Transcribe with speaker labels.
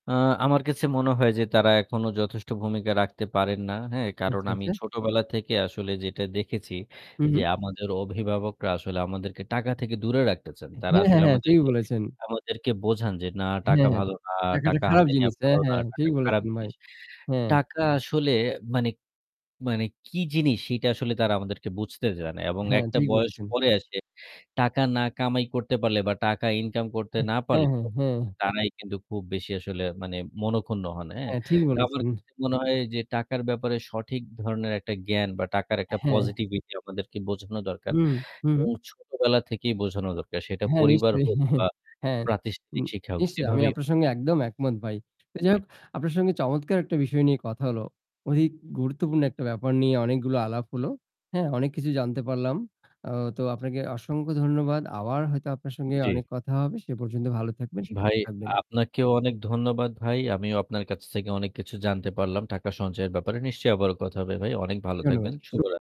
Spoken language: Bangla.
Speaker 1: আ আমার কাছে মনে হয় যে, তারা এখনও যথেষ্ট ভূমিকা রাখতে পারেন না। হ্যাঁ কারণ
Speaker 2: আচ্ছা,
Speaker 1: আমি
Speaker 2: আচ্ছা।
Speaker 1: ছোটবেলা থেকে আসলে যেটা দেখেছি
Speaker 2: হু,
Speaker 1: যে,
Speaker 2: হু।
Speaker 1: আমাদের অভিভাবকরা আসলে আমাদেরকে টাকা থেকে দূরে রাখতে চান। তারা
Speaker 2: হ্যাঁ, হ্যাঁ,
Speaker 1: আসলে
Speaker 2: হ্যাঁ, ঠিকই
Speaker 1: আমাদেরকে
Speaker 2: বলেছেন।
Speaker 1: আমাদেরকে বোঝান যে না
Speaker 2: হ্যাঁ,
Speaker 1: টাকা
Speaker 2: হ্যাঁ,
Speaker 1: ভালো না,
Speaker 2: টাকাটা
Speaker 1: টাকা
Speaker 2: খারাপ
Speaker 1: হাতে নেওয়া
Speaker 2: জিনিস।
Speaker 1: ভালো
Speaker 2: হ্যাঁ,
Speaker 1: না,
Speaker 2: হ্যাঁ,
Speaker 1: টাকা
Speaker 2: ঠিক
Speaker 1: খারাপ
Speaker 2: বলেছেন ভাই।
Speaker 1: জিনিস।
Speaker 2: হ্যাঁ।
Speaker 1: টাকা আসলে মানে মানে কি জিনিস; সেটা আসলে তারা আমাদেরকে বুঝতে জানে। এবং
Speaker 2: হ্যাঁ,
Speaker 1: একটা
Speaker 2: ঠিক
Speaker 1: বয়স
Speaker 2: বলেছেন।
Speaker 1: পরে এসে, টাকা না কামাই করতে পারলে বা টাকা ইনকাম করতে
Speaker 2: উ
Speaker 1: না
Speaker 2: হ্যাঁ,
Speaker 1: পারলে
Speaker 2: হ্যাঁ, হ্যাঁ।
Speaker 1: তারাই কিন্তু খুব বেশি আসলে, মানে মনখুন্ন হন, হ্যাঁ!
Speaker 2: হ্যাঁ, ঠিকই
Speaker 1: তো আমার
Speaker 2: বলেছেন।
Speaker 1: কাছে মনে হয় যে টাকার ব্যাপারে সঠিক ধরনের একটা জ্ঞান বা টাকার একটা
Speaker 2: হ্যাঁ।
Speaker 1: পজিটিভিটি আমাদেরকে বোঝানো দরকার।
Speaker 2: হুম। হুম,
Speaker 1: এবং
Speaker 2: হুম।
Speaker 1: ছোটবেলা থেকেই বোঝানো দরকার। সেটা
Speaker 2: হ্যাঁ,
Speaker 1: পরিবার
Speaker 2: নিশ্চয়ই,
Speaker 1: হোক বা
Speaker 2: হ্যাঁ, নি
Speaker 1: প্রাতিষ্ঠানিক শিক্ষা হোক,
Speaker 2: নিশ্চয়ই, আমি
Speaker 1: যেভাবেই
Speaker 2: আপনার সঙ্গে একদম একমত ভাই। যাই
Speaker 1: জী।
Speaker 2: হোক আপনার সঙ্গে চমৎকার একটা বিষয় নিয়ে কথা হল। অধিক গুরুত্বপূর্ণ একটা ব্যাপার নিয়ে অনেকগুলো আলাপ হল। হ্যাঁ, অনেক কিছু জানতে পারলাম। আ তো আপনাকে অসংখ্য ধন্যবাদ। আবার হয়তো আপনার সঙ্গে
Speaker 1: জী।
Speaker 2: অনেক কথা হবে। সে পর্যন্ত ভালো থাকবেন, সুস্থ
Speaker 1: ভাই,
Speaker 2: থাকবেন।
Speaker 1: আপনাকেও অনেক ধন্যবাদ ভাই। আমিও আপনার কাছ থেকে অনেক কিছু জানতে পারলাম, টাকা সঞ্চয়ের ব্যাপারে। নিশ্চয়ই আবারও কথা হবে ভাই। অনেক ভালো থাকবেন।
Speaker 2: ধন্যবাদ। শু
Speaker 1: শুভরাত্রি।